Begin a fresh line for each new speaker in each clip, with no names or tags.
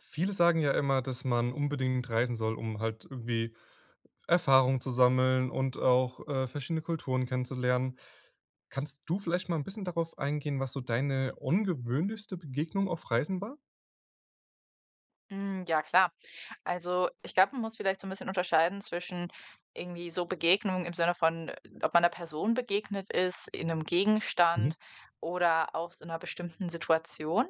Viele sagen ja immer, dass man unbedingt reisen soll, um halt irgendwie Erfahrungen zu sammeln und auch, äh, verschiedene Kulturen kennenzulernen. Kannst du vielleicht mal 'n bisschen darauf eingehen, was so deine ungewöhnlichste Begegnung auf Reisen war?
Hm, ja klar. Also, ich glaube, man muss vielleicht so 'n bisschen unterscheiden zwischen irgendwie so Begegnungen im Sinne von, ob man 'ner Person begegnet ist, in 'nem
Mhm.
Gegenstand oder auch so 'ner bestimmten Situation.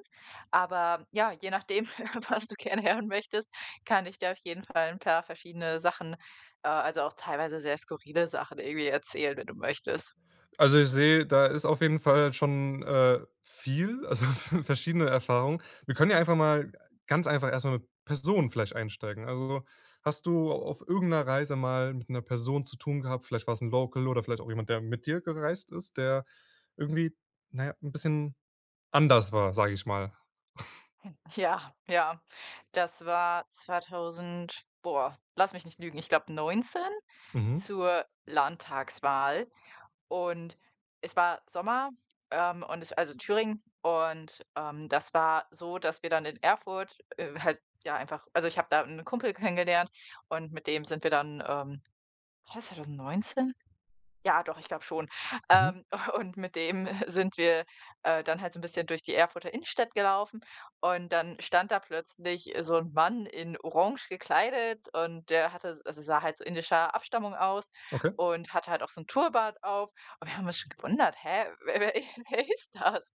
Aber ja, je nachdem, was du gerne hören möchtest, kann ich dir auf jeden Fall 'n paar verschiedene Sachen äh, also, auch teilweise sehr skurrile Sachen irgendwie erzählen, wenn du möchtest.
Also, ich sehe, da ist auf jeden Fall schon, äh, viel also, v verschiedene Erfahrungen. Wir können ja einfach mal ganz einfach erst mal mit Personen vielleicht einsteigen. Also, hast du auf irgend 'ner Reise mal mit 'ner Person zu tun gehabt? Vielleicht war es 'n Local oder vielleicht auch jemand, der mit dir gereist ist, der irgendwie, na ja, 'n bisschen anders war, sage ich mal.
Ja, ja. Das war 2000 boah, lass mich nicht lügen, ich glaube 19
Mhm.
zur Landtagswahl und es war Sommer, ähm, und es also, in Thüringen und, ähm, das war so, dass wir dann in Erfurt, äh, halt ja einfach also, ich habe da 'nen Kumpel kennengelernt und mit dem sind wir dann, ähm war das 2019? Ja, doch, ich glaube schon.
Mhm.
Ähm. Und mit dem sind wir, äh, dann halt so 'n bisschen durch die Erfurter Innenstadt gelaufen und dann stand da plötzlich so 'n Mann in orange gekleidet und der hatte also, sah halt indischer Abstammung aus
Okay.
und hatte halt auch so 'n Turban auf. Und wir haben uns schon gewundert: „Hä, wer wer wer ist das?“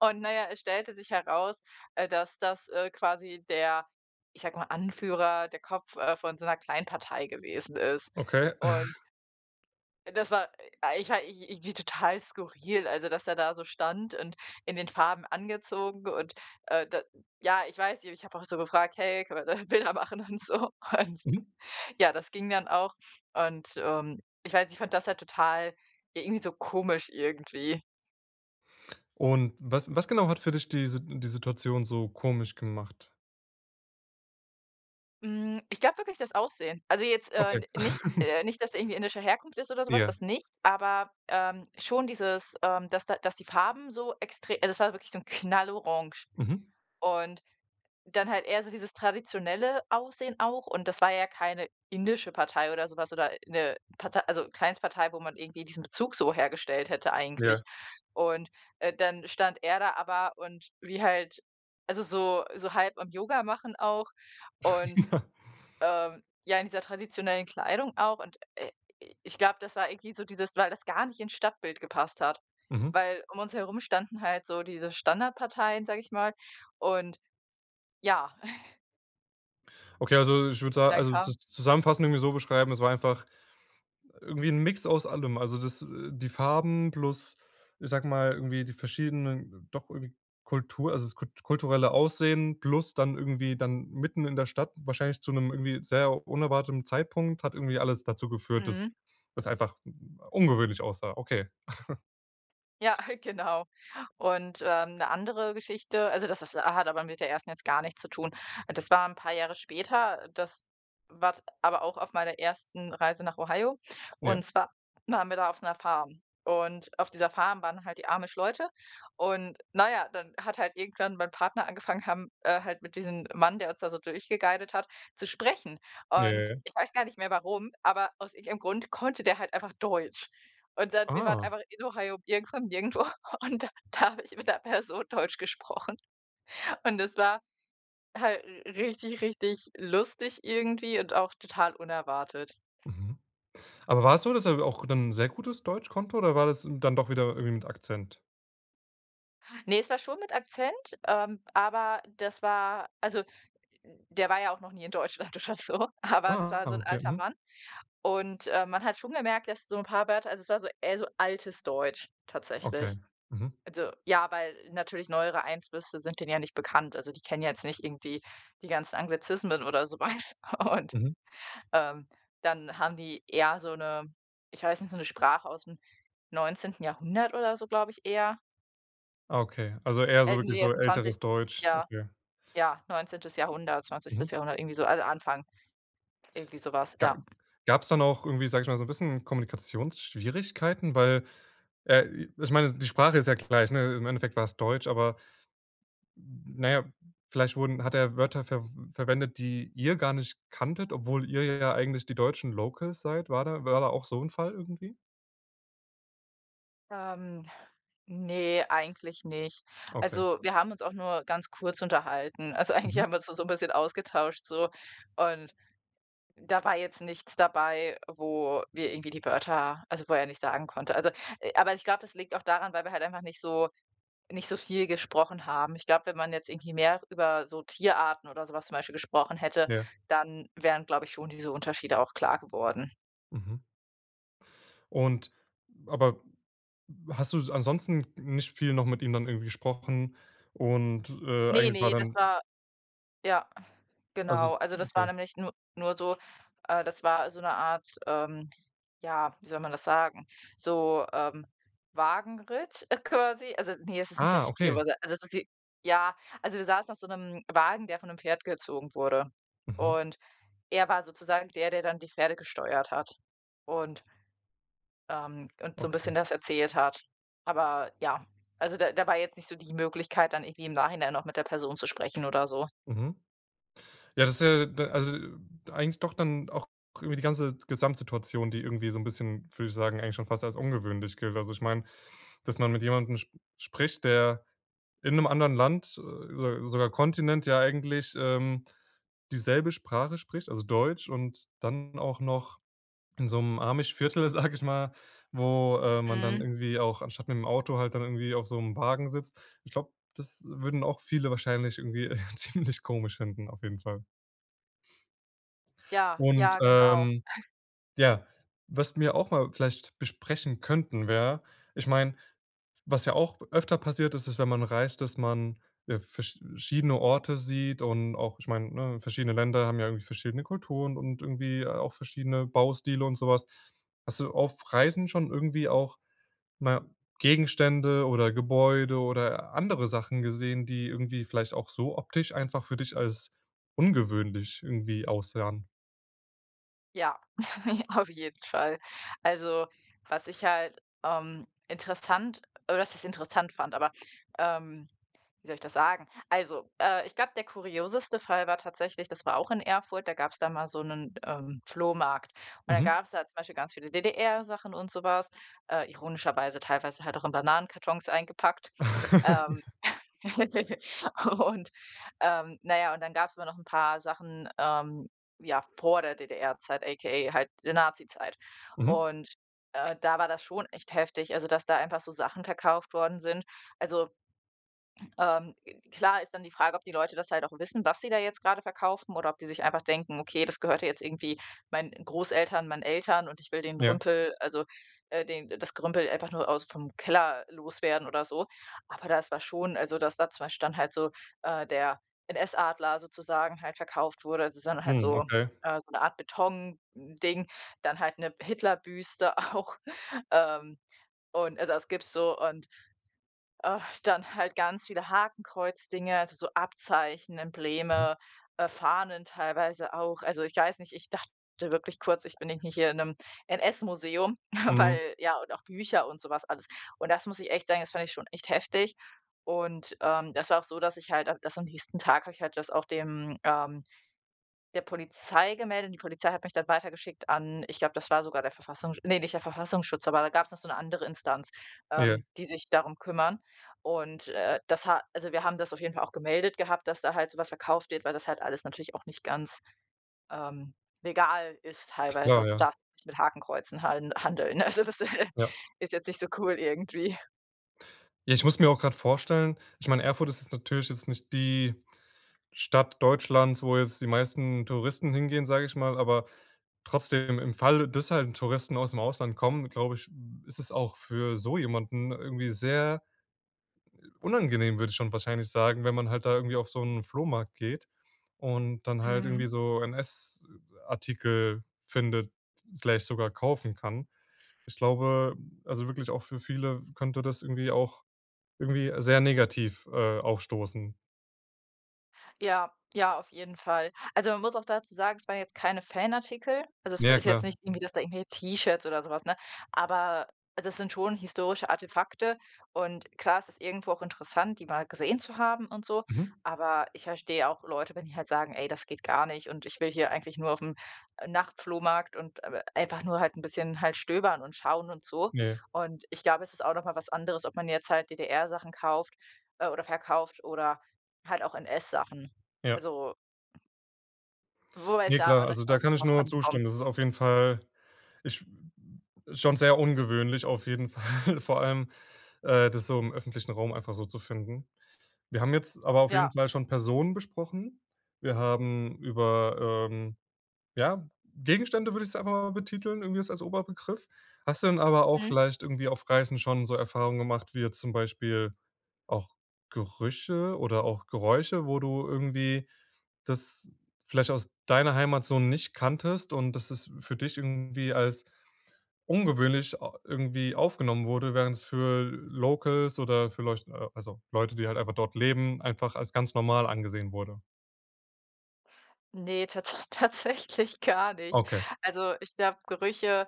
Und na ja, es stellte sich heraus, äh, dass das, äh, quasi der ich sage mal Anführer der Kopf, äh, von so 'ner Kleinpartei gewesen ist.
Okay.
Und das war ich ja, ich irgendwie total skurril, also, dass der da so stand und in den Farben angezogen. Und, äh, da ja, ich weiß nicht, ich habe auch so gefragt: „Hey, kann man da Bilder machen und so?“ Und,
Mhm.
ja, das ging dann auch und, ähm ich weiß, ich fand das halt total irgendwie so komisch irgendwie.
Und was was genau hat für dich diese die Situation so komisch gemacht?
Hm, ich glaube wirklich das Aussehen. Also jetzt, äh,
Okay.
n nicht, äh nicht, dass er irgendwie indische Herkunft ist oder so was,
Ja.
das nicht. Aber, ähm, schon dieses, ähm dass da dass die Farben so extre also das war wirklich so 'n Knallorange.
Mhm.
Und dann halt eher so dieses traditionelle Aussehen auch und das war ja keine indische Partei oder so was oder 'ne Partei also Kleinstpartei, wo man irgendwie diesen Bezug so hergestellt hätte eigentlich.
Ja.
Und, äh, dann stand er da aber und wie halt also so so halb am Yoga machen auch und, ähm, ja, in dieser traditionellen Kleidung auch. Und, äh, ich glaube, das war irgendwie so dieses weil das gar nicht ins Stadtbild gepasst hat.
Mhm.
Weil um uns herum standen halt so diese Standardparteien, sage ich mal. Und ja.
Okay, also ich würde sa
Dann
also
kam
das zusammenfassend irgendwie so beschreiben, es war einfach irgendwie 'n Mix aus allem. Also das, äh die Farben plus, ich sage mal, irgendwie die verschiedenen doch irgend Kultur also das kult kulturelle Aussehen plus dann irgendwie dann mitten in der Stadt, wahrscheinlich zu 'nem irgendwie sehr unerwarteten Zeitpunkt, hat irgendwie alles dazu geführt, dass
Mhm.
das einfach ungewöhnlich aussah. Okay.
Ja, genau. Und, ähm, 'ne andere Geschichte also das das hat aber mit der 1. jetzt gar nichts zu tun. Äh, das war 'n paar Jahre später, das war t aber auch auf meiner 1. Reise nach Ohio,
Ja.
und zwar waren wir da auf 'ner Farm. Und auf dieser Farm waren halt die Amish-Leute und na ja, dann hat halt irgendwann mein Partner angefangen haben, äh, halt mit diesem Mann, der uns da so durchgeguidet hat, zu sprechen.
Ja ja
Und
ja.
ich weiß gar nicht mehr, warum, aber aus irgendeinem Grund konnte der halt einfach Deutsch. Und dann, wir waren
Ah.
einfach in Ohio, irgendwo im nirgendwo und da da habe ich mit 'ner Person Deutsch gesprochen. Und das war halt richtig richtig lustig irgendwie und auch total unerwartet.
Mhm, aber war's so, dass er auch dann sehr gutes Deutsch konnte oder war das dann doch wieder irgendwie mit Akzent?
Ne, es war schon mit Akzent, ähm, aber das war also, der war ja auch noch nie in Deutschland, oder so, aber das
Ah,
war so 'n
okay,
alter
mhm.
Mann und, ähm, man hat schon gemerkt, dass so 'n paar Wörter also, es war so eher so altes Deutsch
Okay.
tatsächlich.
Mhm.
Also, ja, weil natürlich neuere Einflüsse sind denen ja nicht bekannt, also, die kennen jetzt nicht irgendwie die ganzen Anglizismen oder so was und,
Mhm.
ähm, dann haben die, ja, so 'ne ich weiß nicht, so 'ne Sprache ausm 19. Jahrhundert oder so, glaube ich, eher
Ah okay, also, eher so
äh, ne,
wirklich
die
so
jetzt 'n zwanzigst
älteres Deutsch,
Ja,
okay.
ja, 19. Jahrhundert
Mhm.
20. Jahrhundert, irgendwie so alle anfangen. Irgendwie so was,
Ga
ja.
gab's da noch irgendwie, sage ich mal, so 'n bisschen Kommunikationsschwierigkeiten? Weil, äh, i ich meine, die Sprache ist ja gleich, 'ne? Im Endeffekt war's Deutsch, aber, na ja, vielleicht wurden hat er Wörter verw verwendet, die ihr gar nicht kanntet, obwohl ihr ja eigentlich die deutschen locals seid. War da war da auch so 'n Fall irgendwie?
Ähm. Ne, eigentlich nicht.
Okay.
Also, wir haben uns auch nur ganz kurz unterhalten. Also, eigentlich
Mhm.
haben wir uns da so 'n bisschen ausgetauscht, so, und da war jetzt nichts dabei, wo wir irgendwie die Wörter also, wo er nicht sagen konnte. Also, aber ich glaube, das liegt auch daran, weil wir halt einfach nicht so nicht so viel gesprochen haben. Ich glaube, wenn man jetzt irgendwie mehr über so Tierarten oder so was zum Beispiel gesprochen hätte,
Ja.
dann wären, glaube ich, schon diese Unterschiede auch klar geworden.
Mhm. Und, aber hast du s ansonsten nicht viel noch mit ihm dann irgendwie gesprochen und, äh,
Ne,
eigentlich war
ne, das
dann t
war ja,
also
genau. Also, das war
okay.
nämlich nur nur so äh, das war so 'ne Art, ähm, ja, wie soll man das sagen? So, ähm, Wagenritt, äh, quasi. Also, ne, es ist nicht der
Ah,
richtige
okay.
Überset also, es ist wie ja, also, wir saßen auf so 'nem Wagen, der von 'nem Pferd gezogen wurde.
Mhm.
Und er war sozusagen der, der dann die Pferde gesteuert hat und ähm, und so 'n bisschen
Okay.
das erzählt hat. Aber, ja, also, da da war jetzt nicht so die Möglichkeit, dann irgendwie im Nachhinein noch mit der Person zu sprechen oder so.
Mhm. Ja, das ist ja d also, eigentlich doch dann auch über die ganze Gesamtsituation, die irgendwie so 'n bisschen, würde ich sagen, eigentlich schon fast als ungewöhnlich gilt. Also, ich meine, dass man mit jemandem sp spricht, der in 'nem anderen Land äh, so sogar Kontinent ja eigentlich, ähm, dieselbe Sprache spricht, also Deutsch. Und dann auch noch in so 'nem Amish-Viertel, sage ich mal, wo, äh, man dann
Mhm.
irgendwie auch anstatt mit dem Auto halt dann irgendwie auf so 'nem Wagen sitzt. Ich glaube, das würden auch viele wahrscheinlich irgendwie, äh, ziemlich komisch finden, auf jeden Fall.
Ja,
Und,
ja genau.
ähm, ja, was wir auch mal vielleicht besprechen könnten, wäre ich meine, was ja auch öfter passiert ist, ist, wenn man reist, dass man ja versch schiedene Orte sieht und auch ich meine, ne, verschiedene Länder haben ja irgendwie verschiedene Kulturen und irgendwie auch verschiedene Baustile und so was. Hast du auf Reisen schon irgendwie auch, na ja, Gegenstände oder Gebäude oder andere Sachen gesehen, die irgendwie vielleicht auch so optisch einfach für dich als ungewöhnlich irgendwie aussahen?
Ja, auf jeden Fall. Also, was ich halt, ähm, interessant oder, was heißt interessant fand, aber, ähm wie soll ich das sagen? Also, äh, ich glaube, der kurioseste Fall war tatsächlich, das war auch in Erfurt, da gab's da mal so 'nen, ähm, Flohmarkt, und dann
Mhm.
gab's da zum Beispiel ganz viele DDR-Sachen und so was, äh, ironischerweise teilweise halt auch in Bananenkartons eingepackt. Ähm.
Ja.
Und, ähm, na ja, und dann gab's immer noch 'n paar Sachen, ähm, ja, vor der DDR-Zeit, aka halt der Nazizeit
Mhm.
und, äh, da war das schon echt heftig, also, dass da einfach so Sachen verkauft worden sind. Also ähm. Klar ist dann die Frage, ob die Leute das halt auch wissen, was sie da jetzt gerade verkaufen oder ob die sich einfach denken: „Okay, das gehörte jetzt irgendwie meinen Großeltern, meinen Eltern, und ich will den
Ja.
Rümpel, also, äh, den das Gerümpel einfach nur aus vom Keller loswerden oder so.“, aber das war schon, also, dass da 2 Stand halt so äh, der NS-Adler sozusagen halt verkauft wurde, also, so ’n halt
Mhm.
so
Okay.
äh, so ’ne Art Betonding, dann halt ’ne Hitlerbüste auch, ähm, und, also, das gibt's so, und, ach, dann halt ganz viele Hakenkreuzdinge, also, so Abzeichen,
Mhm.
Embleme, äh, Fahnen teilweise auch. Also, ich weiß nicht, ich dachte wirklich kurz: „Ich bin irgendwie hier in 'nem NS-Museum.“,
Mhm.
weil, ja und auch Bücher und so was alles. Und das muss ich echt sagen, das fand ich schon echt heftig und, ähm, das war auch so, dass ich halt dass am nächsten Tag habe ich halt das auch dem ähm, der Polizei gemeldet und die Polizei hat mich dann weitergeschickt an ich glaube, das war sogar der Verfassungs ne, nicht der Verfassungsschutz, aber da gab's noch so ’ne andere Instanz,
Ja.
ähm, die sich darum kümmern und, äh, das ha also wir haben das auf jeden Fall auch gemeldet gehabt, dass da halt so was verkauft wird, weil das halt alles natürlich auch nicht ganz, ähm, legal ist teilweise.
Klar,
Also, du
ja.
darfst nicht mit Hakenkreuzen halden handeln, ne? Also, das ist
Ja.
ist jetzt nicht so cool irgendwie.
Ja, ich muss mir auch gerade vorstellen ich meine, Erfurt ist jetzt natürlich jetzt nicht die Stadt Deutschlands, wo jetzt die meisten Touristen hingehen, sage ich mal, aber trotzdem im Falle, das halt ’n Touristen aus’m Ausland kommen, glaube ich, ist es auch für so jemanden irgendwie sehr unangenehm, würde ich schon wahrscheinlich sagen, wenn man halt da irgendwie auf so ’n Flohmarkt geht und dann halt irgendwie
Mhm.
so NS-Artikel findet, Slash, sogar kaufen kann. Ich glaube, also, wirklich auch für viele könnte das irgendwie auch irgendwie sehr negativ, äh, aufstoßen.
Ja, ja, auf jeden Fall. Also, man muss auch dazu sagen, es waren jetzt keine Fanartikel, also, es
Ja, ja,
ist jetzt
klar.
nicht irgendwie, dass da irgendwie T-Shirts oder so was, ne aber das sind schon historische Artefakte und klar, es ist irgendwo auch interessant, die mal gesehen zu haben und so,
Mhm.
aber ich verstehe auch Leute, wenn die halt sagen: „Ey, das geht gar nicht und ich will hier eigentlich nur auf'm Nachtflohmarkt und, äh, einfach nur halt 'n bisschen halt stöbern und schauen und so.“
Ne.
Und ich glaube, es ist auch noch mal was anderes, ob man jetzt halt DDR Sachen kauft oder verkauft oder halt auch NS-Sachen.
Ja.
Also wo es
Ne,
da auch
klar,
nicht
also, da
auch
kann ich
drauf
nur
ankommt.
zustimmen. Das ist auf jeden Fall ich schon sehr ungewöhnlich auf jeden Fall, vor allem, äh, das so im öffentlichen Raum einfach so zu finden. Wir haben jetzt aber auf jeden
Ja.
Fall schon Personen besprochen. Wir haben über, ähm ja, Gegenstände würde ich es aber betiteln, irgendwie jetzt als Oberbegriff. Hast du dann aber auch
Mhm.
vielleicht irgendwie auf Reisen schon so Erfahrungen gemacht, wie jetzt zum Beispiel auch Gerüche oder auch Geräusche, wo du irgendwie das vielleicht aus deiner Heimat so nicht kanntest und dass das für dich irgendwie als ungewöhnlich a irgendwie aufgenommen wurde, während es für Locals oder vielleicht al also, Leute, die halt einfach dort leben, einfach als ganz normal angesehen wurde.
Ne, tat tatsächlich gar nicht.
Okay.
Also, ich glaube, Gerüche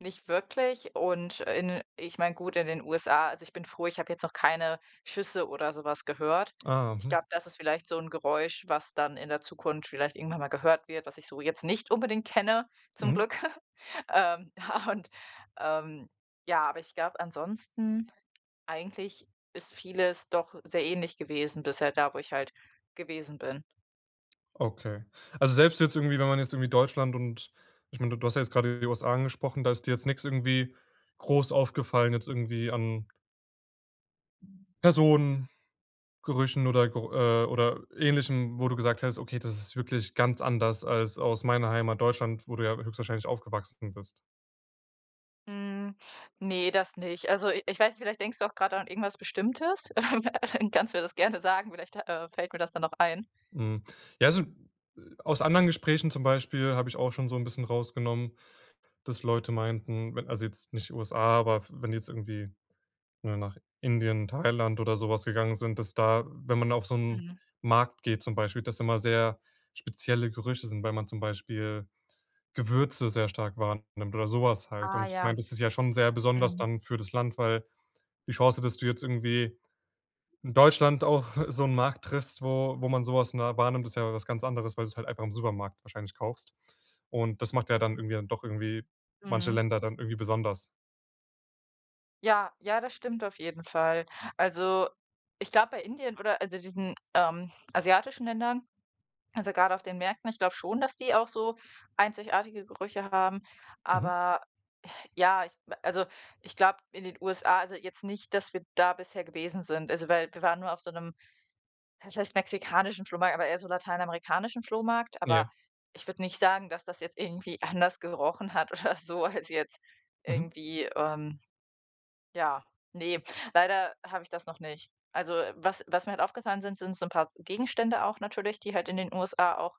nicht wirklich und in ich meine, gut in den USA also, ich bin froh, ich habe jetzt noch keine Schüsse oder so was gehört.
Ah.
Ich
Mhm.
glaube, das ist vielleicht so 'n Geräusch, was dann in der Zukunft vielleicht irgendwann mal gehört wird, was ich so jetzt nicht unbedingt kenne, zum
Mhm.
Glück. Ähm, und, ähm, ja aber ich glaube ansonsten, eigentlich ist vieles doch sehr ähnlich gewesen bisher da, wo ich halt gewesen bin.
Okay. Also, selbst jetzt irgendwie wenn man jetzt irgendwie Deutschland und ich meine, du du hast ja jetzt grade die USA angesprochen, da ist dir jetzt nix irgendwie groß aufgefallen, jetzt irgendwie an Personen, Gerüchen oder gro äh, oder Ähnlichem, wo du gesagt hast: „Okay, das ist wirklich ganz anders als aus meiner Heimat Deutschland,“ wo du ja höchstwahrscheinlich aufgewachsen bist?
Hm. Ne, das nicht. Also, i ich weiß nicht, vielleicht denkst du auch gerade an irgendwas Bestimmtes. Dann kannst du mir das gerne sagen, vielleicht, äh, fällt mir das dann noch ein.
Hm. Ja, also, äh, aus anderen Gesprächen zum Beispiel habe ich auch schon so 'n bisschen rausgenommen, dass Leute meinten, wenn also, jetzt nicht USA, aber wenn jetzt irgendwie 'ne, nach Indien, Thailand oder so was gegangen sind, dass da wenn man auf so 'nen
Mhm.
Markt geht zum Beispiel, dass immer sehr spezielle Gerüche sind, weil man zum Beispiel Gewürze sehr stark wahrnimmt oder so was halt.
Ah
Und ich meine,
ja.
das ist ja schon sehr besonders
Mhm.
dann für das Land, weil die Chance, dass du jetzt irgendwie in Deutschland auch so 'nen Markt triffst, wo wo man so was nahe wahrnimmt, das ist ja was ganz anderes, weil du's halt einfach im Supermarkt wahrscheinlich kaufst. Und das macht ja dann irgendwie dann doch irgendwie manche
Mhm.
Länder dann irgendwie besonders.
Ja, ja, das stimmt auf jeden Fall. Also, ich glaube, bei Indien oder, also, diesen, ähm, asiatischen Ländern, also, gerade auf den Märkten, ich glaube schon, dass die auch so einzigartige Gerüche haben,
Mhm.
aber, ja, ich also, ich glaube, in den USA also, jetzt nicht, dass wir da bisher gewesen sind. Also, weil, wir waren nur auf so 'nem was heißt mexikanischen Flohmarkt, aber eher so lateinamerikanischen Flohmarkt, aber
Ja.
ich würde nicht sagen, dass das jetzt irgendwie anders gerochen hat oder so, als jetzt
Mhm.
irgendwie, ähm, ja ne, leider habe ich das noch nicht. Also, was was mir halt aufgefallen sind, sind so 'n paar Gegenstände auch natürlich, die halt in den USA auch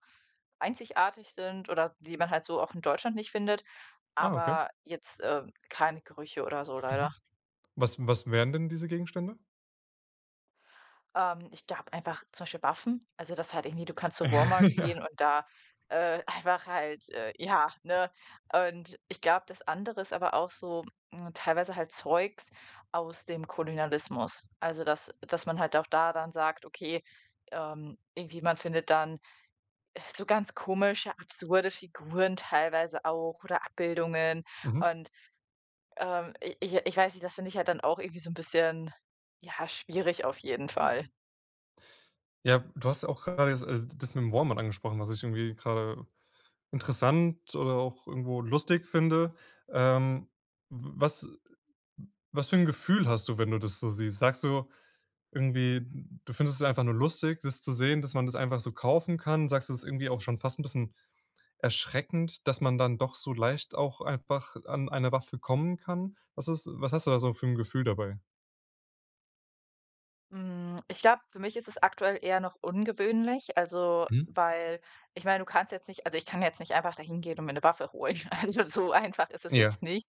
einzigartig sind oder die man halt so auch in Deutschland nicht findet,
Ah, okay.
aber jetzt, äh, keine Gerüche oder so,
Mhm,
leider.
was was wären denn diese Gegenstände?
Ähm, ich glaube einfach zum Beispiel Waffen, also, das halt irgendwie du kannst zu Walmart
Ja.
gehen und da, äh, einfach halt, äh, ja, ne? Und ich glaube, das andere ist aber auch so, hm, teilweise halt Zeugs aus dem Kolonialismus. Also, dass dass man halt auch da dann sagt, okay, ähm, irgendwie, man findet dann, äh, so ganz komische absurde Figuren teilweise auch oder Abbildungen
Mhm.
und, ähm, i ich ich weiß nicht, das finde ich halt dann auch irgendwie so 'n bisschen, ja, schwierig auf jeden Fall.
Ja, du hast ja auch grade also das mit dem Walmart angesprochen, was ich irgendwie grade interessant oder auch irgendwo lustig finde. Ähm, w was was für 'n Gefühl hast du, wenn du das so siehst? Sagst du irgendwie, du findest es einfach nur lustig, das zu sehen, dass man das einfach so kaufen kann? Sagst du: „Das ist irgendwie auch schon fast 'n bisschen erschreckend, dass man dann doch so leicht auch einfach an eine Waffe kommen kann"? Was ist was hast du da so für 'n Gefühl dabei?
Hm, ich glaube, für mich ist es aktuell eher noch ungewöhnlich, also,
Mhm.
weil ich meine, du kannst jetzt nicht also ich kann jetzt nicht einfach da hingehen und mir 'ne Waffe holen. Also, so einfach ist es
Ja.
jetzt nicht.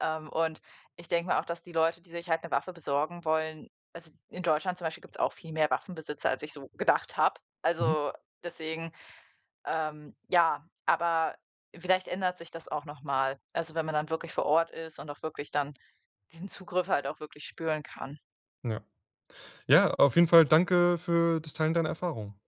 Ähm, und ich denke mir auch, dass die Leute, die sich halt 'ne Waffe besorgen wollen also, in Deutschland zum Beispiel gibt's auch viel mehr Waffenbesitzer, als ich so gedacht habe.
Mhm.
Also deswegen, ähm, ja aber vielleicht ändert sich das auch noch mal. Also, wenn man dann wirklich vor Ort ist und auch wirklich dann diesen Zugriff halt auch wirklich spüren kann.
Ja. Ja, auf jeden Fall danke für das Teilen deiner Erfahrung.